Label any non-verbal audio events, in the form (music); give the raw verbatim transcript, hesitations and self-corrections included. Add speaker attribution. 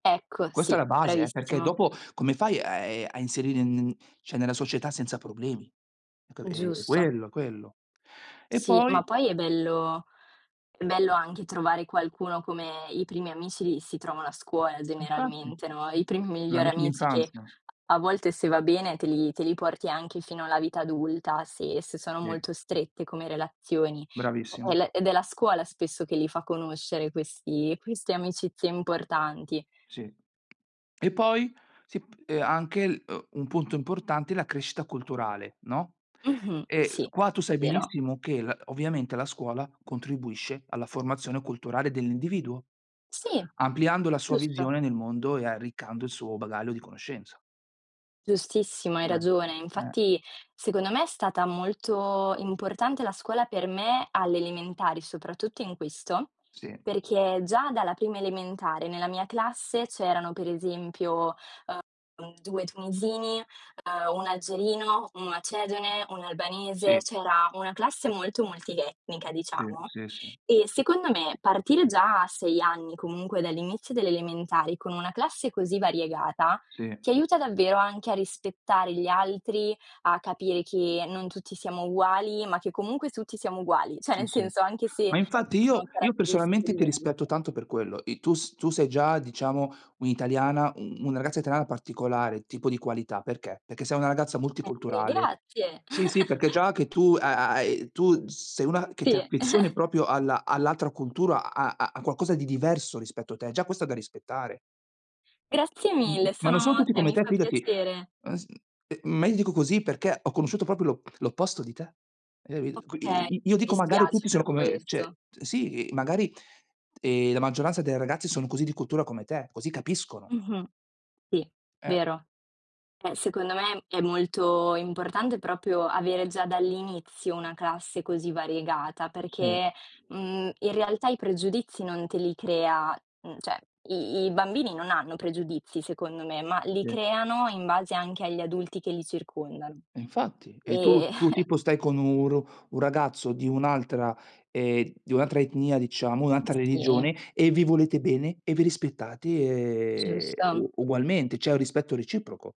Speaker 1: Ecco,
Speaker 2: Questa è
Speaker 1: sì,
Speaker 2: la base, eh, perché
Speaker 1: bravissimo.
Speaker 2: dopo come fai a ehm, a inserire n n ceh nella società senza problemi? Ecco, è è
Speaker 1: Giusto.
Speaker 2: quello è quello. E
Speaker 1: Sì,
Speaker 2: poi
Speaker 1: ma poi è bello è bello anche trovare qualcuno, come i primi amici li si trovano a scuola
Speaker 2: Infatti,
Speaker 1: generalmente, no, i primi
Speaker 2: gli
Speaker 1: migliori
Speaker 2: amici
Speaker 1: amici che
Speaker 2: d'infanzia.
Speaker 1: a volte se va bene te li te li porti anche fino alla vita adulta, se se sono
Speaker 2: Sì.
Speaker 1: molto strette come relazioni. E
Speaker 2: Bravissimo.
Speaker 1: le ed è la scuola spesso che li fa conoscere, questi queste amicizie importanti.
Speaker 2: Sì. E poi, si p e anche un punto importante, la crescita culturale, no,
Speaker 1: Mh-mh.
Speaker 2: e
Speaker 1: Sì,
Speaker 2: qua, tu sai
Speaker 1: vero.
Speaker 2: benissimo che la ovviamente, la scuola contribuisce alla formazione culturale dell'individuo,
Speaker 1: Sì,
Speaker 2: ampliando la sua
Speaker 1: giusto.
Speaker 2: visione nel mondo e arriccando il suo bagaglio di conoscenza.
Speaker 1: Giustissimo, hai
Speaker 2: Eh,
Speaker 1: ragione.
Speaker 2: eh.
Speaker 1: Infatti, secondo me è stata molto importante la scuola per me alle elementari, soprattutto in questo,
Speaker 2: Sì.
Speaker 1: perché già dalla prima elementare, nella mia classe c'erano per esempio, ehm, due tunisini, ehm uno algerino, un macedone, un albanese,
Speaker 2: Sì.
Speaker 1: ceh era una classe molto multietnica
Speaker 2: Sì,
Speaker 1: diciamo.
Speaker 2: sì, sì.
Speaker 1: E secondo me partire già a sei anni comunque dall'inizio delle elementari con una classe così variegata
Speaker 2: Sì.
Speaker 1: ti aiuta davvero anche a rispettare gli altri, a capire che non tutti siamo uguali, ma che comunque tutti siamo uguali. ceh
Speaker 2: Sì
Speaker 1: nel
Speaker 2: sì.
Speaker 1: senso, anche se
Speaker 2: Ma infatti
Speaker 1: ci
Speaker 2: io
Speaker 1: sono
Speaker 2: io
Speaker 1: caratteristiche
Speaker 2: personalmente ti
Speaker 1: diverse.
Speaker 2: rispetto tanto per quello. I tu tu sei già diciamo un'italiana, u una ragazza italiana particolare, tipo di qualità, perché? Perché sei una ragazza
Speaker 1: (unintelligible)
Speaker 2: multiculturale.
Speaker 1: grazie.
Speaker 2: Sì, sì, perché
Speaker 1: (chuckles)
Speaker 2: già che tu ha ha hai, tu sei una che ti
Speaker 1: Sì.
Speaker 2: affezioni
Speaker 1: (chuckles)
Speaker 2: propio alla all'altra cultura, a a qualcosa di diverso rispetto a te, già questo è da rispettare.
Speaker 1: Grazie
Speaker 2: M m
Speaker 1: mille,
Speaker 2: ma non sono
Speaker 1: sono
Speaker 2: tutti
Speaker 1: ceh
Speaker 2: come
Speaker 1: mi
Speaker 2: te,
Speaker 1: fa
Speaker 2: fidati,
Speaker 1: piacere.
Speaker 2: ah s eh m ma io ti dico così, perché ho conosciuto propio l'oppo l'opposto di te. E i qu
Speaker 1: Okay,
Speaker 2: i i io
Speaker 1: mi
Speaker 2: dico magari
Speaker 1: dispiace
Speaker 2: tutti
Speaker 1: per
Speaker 2: sono come cioè
Speaker 1: questo.
Speaker 2: sì, magari, ehm, la maggioranza dei ragazzi sono così di cultura come te, così capiscono.
Speaker 1: Mh-mh. Sì,
Speaker 2: Eh.
Speaker 1: vero. Eh, secondo me è molto importante, propio avere già dall'inizio una classe così variegata,
Speaker 2: Sì.
Speaker 1: perché, mhmm, in realtà i pregiudizi non te li crea, mhmm, ceh, i i bambini non hanno pregiudizi secondo me, ma li
Speaker 2: Sì.
Speaker 1: creano in base anche agli adulti che li circondano.
Speaker 2: Infatti, e
Speaker 1: E
Speaker 2: tu tu
Speaker 1: (snorts)
Speaker 2: tipo stai con un r un ragazzo di un'altra ehm, di un'altra etnia diciamo, un'altra
Speaker 1: Sì.
Speaker 2: religione, e vi volete bene e vi rispettate, ehm,
Speaker 1: Giusto.
Speaker 2: u ugualmente, c'è un rispetto reciproco.